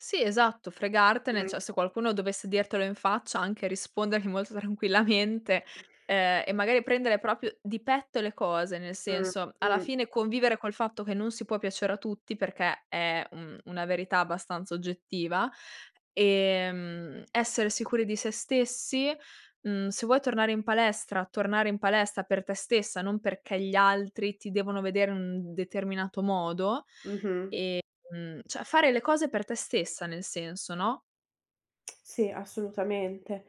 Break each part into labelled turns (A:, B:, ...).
A: Sì, esatto fregartene,
B: Mh.
A: cioè se qualcuno dovesse dirtelo in faccia anche rispondergli molto tranquillamente, ehm, e magari prendere proprio di petto le cose, nel
B: Mh.
A: senso alla
B: Mh.
A: fine convivere col fatto che non si può piacere a tutti, perché è un una verità abbastanza oggettiva, ehm, essere sicuri di se stessi mhmm, se vuoi tornare in palestra, tornare in palestra per te stessa, non perché gli altri ti devono vedere in un determinato modo.
B: Mh-mh.
A: Ehm, cioè fare le cose per te stessa nel senso, no?
B: Sì, assolutamente.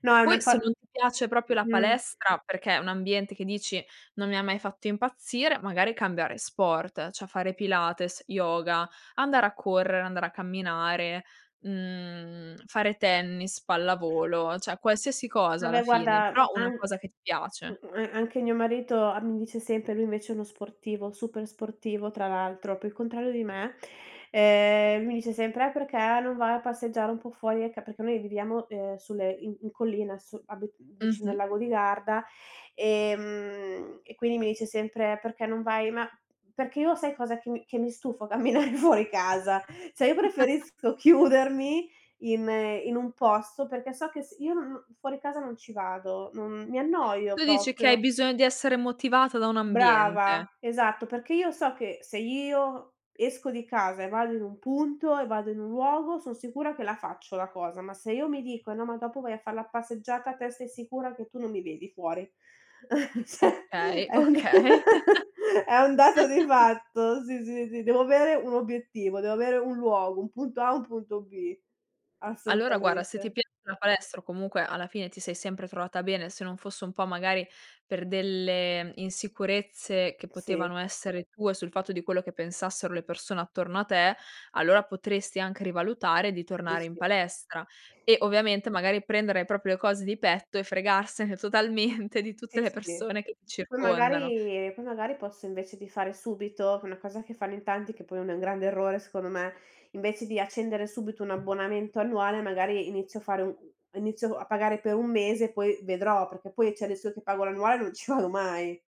B: No, è una
A: Poi
B: co
A: se non ti piace proprio la
B: mh-mh.
A: palestra perché è un ambiente che dici: "Non mi ha mai fatto impazzire", magari cambiare sport: cioè fare pilates, yoga, andare a correre, andare a camminare, mhmm, fare tennis, pallavolo, cioè qualsiasi cosa alla
B: Vabbè
A: fine,
B: guarda,
A: però una
B: an uhm,
A: cosa che ti piace.
B: a anche mio marito am mi dice sempre lui invece è uno sportivo super sportivo tra l'altro, proprio il contrario di me; ehm, mi dice sempre: "Eh, perché non vai a passeggiare un po' fuori?" Ecco perché noi viviamo, ehm, sulle in in collina, sul abit mhmm, vicino al
A: Mh-mh.
B: lago di Garda, ehm, e quindi mi dice sempre: "Perché non vai" ma, perché io sai cosa: che mi che mi stufo camminare fuori casa. Cioè io preferisco chiudermi in in un posto perché so che s io non fuori casa non ci vado, non mi annoio
A: Tu dici che hai
B: proprio.
A: bisogno di essere motivata da un
B: Brava.
A: ambiente.
B: Esatto perché io so che se io esco di casa e vado in un punto, e vado in un luogo, son sicura che la faccio la cosa; ma se io mi dico: "No, ma dopo vai a far la passeggiata", te stai sicura che tu non mi vedi fuori. Cioè
A: Okay,
B: è un
A: okay.
B: è un dato di fatto, sì, sì, sì, devo avere un obiettivo, devo avere un luogo, un punto A e un punto B.
A: Allora guarda, se ti
B: Assolutamente.
A: piace la palestra o comunque alla fine ti sei sempre trovata bene, se non fosse un po' magari per delle insicurezze, che
B: Sì.
A: potevano essere tue sul fatto di quello che pensassero le persone attorno a te, allora potresti anche rivalutare di
B: Sì,
A: tornare in
B: sì.
A: palestra. E ovviamente magari prendere proprio le cose di petto e fregarsene totalmente di tutte
B: Sì,
A: le
B: sì.
A: persone che ti
B: Poi
A: circondano.
B: magari poi magari al posto invece di fare subito una cosa che fanno in tanti che poi è un grande errore secondo me, invece di accendere subito un abbonamento annuale magari inizio a fare u un inizio a pagare per 1 mese poi vedrò, perché poi c'è il rischio che pago l'annuale e non ci vado mai.